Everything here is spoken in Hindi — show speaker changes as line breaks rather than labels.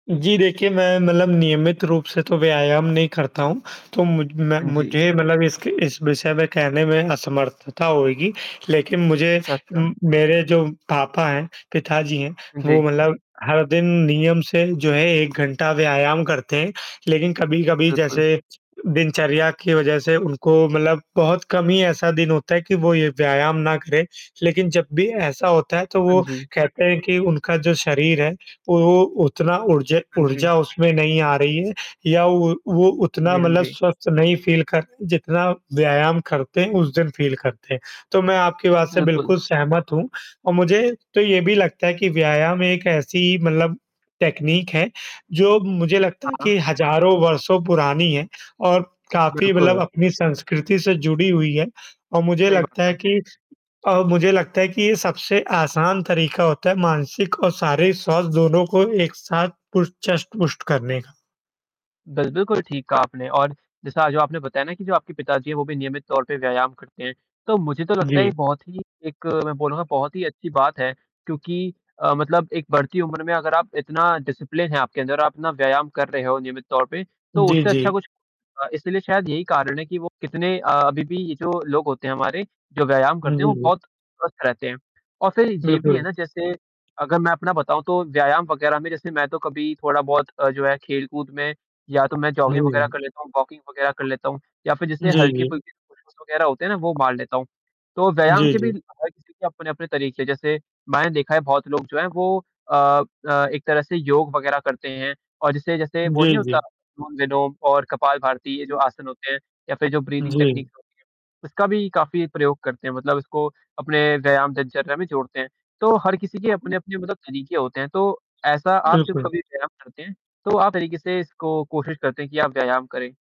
जी देखिए, मैं मतलब नियमित रूप से तो व्यायाम नहीं करता हूँ तो मुझ मैं
हाँ जी।
मुझे मतलब इसके इस विषय में कहने में असमर्थता होएगी। लेकिन मुझे
अच्छा, अच्छा।
उम, मेरे जो पापा हैं, पिताजी हैं, वो
जी।
मतलब हर दिन नियम से जो है 1 घंटा व्यायाम करते हैं। लेकिन कभी-कभी
बिल्कुल।
जैसे दिनचर्या की वजह से उनको मतलब बहुत कम ही ऐसा दिन होता है कि वो ये व्यायाम ना करें। लेकिन जब भी ऐसा होता है तो
हाँ
वो,
जी।
कहते हैं कि उनका जो शरीर है, वो वो उतना ऊर्जे
हाँ जी।
ऊर्जा उसमें नहीं आ रही है, या वो वो
हाँ
उतना
जी, हाँ
मतलब
जी।
स्वस्थ नहीं फ़ील करते जितना व्यायाम करते हैं, उस दिन फ़ील करते हैं। तो मैं आपकी बात से
बिल्कुल।
बिल्कुल सहमत हूँ, और मुझे तो ये भी लगता है कि व्यायाम एक ऐसी मतलब टेक्नीक है, जो मुझे लगता है
हाँ।
कि हज़ारों वर्षों पुरानी है और काफ़ी मतलब
बिल्कुल।
अपनी संस्कृति से जुड़ी हुई है। अ, मुझे
सही बात
लगता है
है।
कि अ, मुझे लगता है कि ये सबसे आसान तरीका होता है मानसिक और शारीरिक स्वास्थ्य दोनों को एक साथ पुश चस्ट, पुष्ट करने का।
बिल बिल्कुल ठीक कहा आपने और जैसा जो आपने बताया ना कि जो आपके पिताजी हैं वो भी नियमित तौर पे व्यायाम करते हैं। तो मुझे तो लगता है ये
जी।
बहुत ही एक मैं बोलूँगा बहुत ही अच्छी बात है, क्योंकि अ, मतलब एक बढ़ती उम्र में अगर आप इतना डिसिप्लिन है आपके अंदर, आप ना व्यायाम कर रहे हो नियमित तौर पे, तो
जी,
उससे अच्छा
जी।
कुछ अ, इसलिए शायद यही कारण है कि वो कितने अ अभी भी ये जो लोग होते हैं हमारे, जो व्यायाम
हुँ,
करते हैं वो
जी, जी।
बहुत स्वस्थ रहते हैं। और फिर ये भी है
बिल्कुल।
ना जैसे, अगर मैं अपना बताऊँ तो व्यायाम वगैरह में जैसे मैं तो कभी थोड़ा-बहुत अ, जो है खेल-कूद में, या तो मैं जॉगिंग वगैरह कर
हुँ।
लेता हूँ, वॉकिंग वगैरह कर लेता हूँ, या फिर जैसे
जी, जी।
हल्के-फुल्के पुश-अप्स वगैरह होते हैं ना, वो मार लेता हूँ। तो व्यायाम
जी,
के
जी।
भी ल अ, हर किसी के अपने-अपने तरीक़े जैसे, मैंने देखा है बहुत लोग जो हैं, वो अ अ, एक तरह से योग वग़ैरह करते हैं और जिसे जैसे वो नहीं
जी,
होता
जी।
अनुलोम-विलोम और कपाल भारती ये जो आसन होते हैं, या फिर जो ब्रीदिंग टेक्नीक
जी।
होती है, उसका भी काफ़ी प्रयोग करते हैं मतलब उसको अपने व्यायाम दिनचर्या में जोड़ते हैं। तो हर किसी के अपने-अपने मतलब तरीके होते हैं, तो ऐसा आप जब
बिल्कुल।
कभी व्यायाम करते हैं, तो आप तरीके से इसको कोशिश करते हैं कि आप व्यायाम करें?